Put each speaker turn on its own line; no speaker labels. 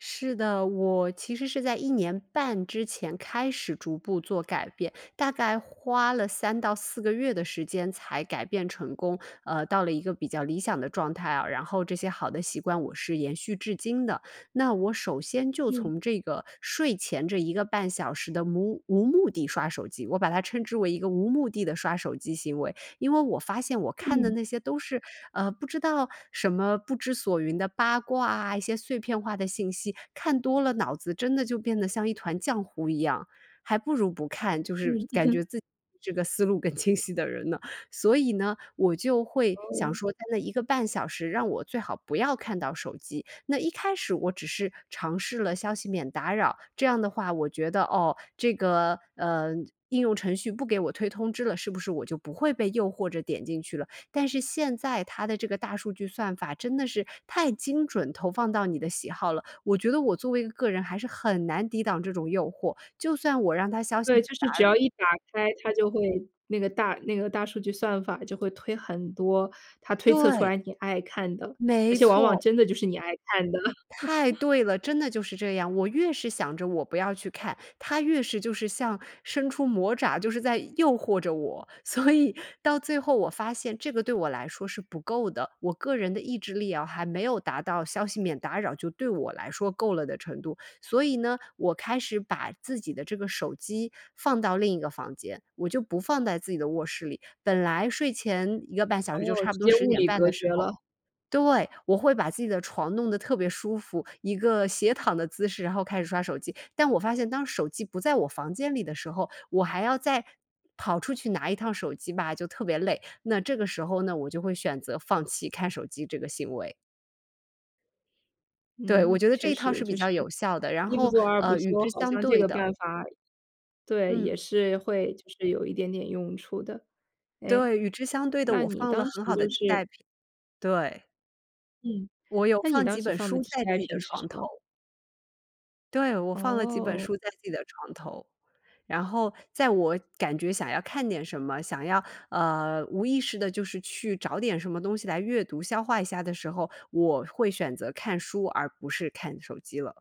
是的，我其实是在1年半之前开始逐步做改变，大概花了3到4个月的时间才改变成功，呃，到了一个比较理想的状态啊，然后这些好的习惯，我是延续至今的。那我首先就
嗯。
从这个睡前这1个半小时的无无目的刷手机，我把它称之为一个无目的地刷手机行为。因为我发现我看的
嗯。
那些都是，呃，不知道什么不知所云的八卦啊，一些碎片化的信息，看多了，脑子真的就变得像一团浆糊一样，还不如不看就是
嗯。
感觉 自己这个思路更清晰的人呢。所以呢，我就会想
哦。
说在那1个半小时，让我最好不要看到手机，那一开始我只是尝试了消息免打扰，这样的话我觉得，哦，这个，嗯，应用程序不给我推通知了，是不是我就不会被诱惑着点进去了，但是现在它的这个大数据算法真的是太精准投放到你的喜好了，我觉得我作为一个人还是很难抵挡这种诱惑，就算我让它消息
对，
免
就
打
是只
扰
要一打开它就会那个大那个大数据算法就会推很多，它推测出
对。
来你爱看的，而
没
且往往
错。
真的就是你爱看的。
太 对了，真的就是这样，我越是想着我不要去看，它越是就是像伸出魔爪，就是在诱惑着我，所以到最后我发现这个对我来说是不够的，我个人的意志力啊还没有达到消息免打扰，就对我来说够了的程度，所以呢，我开始把自己的这个手机放到另一个房间。我就不放在自己的卧室里，本来睡前1个半小时就
哦，
差不
直
多
接
10
物
点
理
半
隔
的时
绝
候
了。
对，我会把自己的床弄得特别舒服，一个斜躺的姿势，然后开始刷手机，但我发现当手机不在我房间里的时候，我还要再跑出去拿一趟手机吧，就特别累，那这个时候呢，我就会选择放弃看手机这个行为。对，我
嗯，
觉得这
确
一套
实
是比
就是
较有效的，然
一一不
后，
做二不
呃，与
休，
之
好
相
像这
对
个
的
办法对，也
嗯。
是会就是有一点点用处的。哎，
对，与之相对的，
那
我
你
放了
当时
很好的
就
替
是
代品。对。
嗯，
我有
那你
放
当
几
时
本
放的
书
替
在
代
自己的
品是
床
什
头。
么？
对，我放了几本
哦。
书在自己的床头，然后在我感觉想要看点什么，想要，呃，无意识地就是去找点什么东西来阅读，消化一下的时候，我会选择看书，而不是看手机了。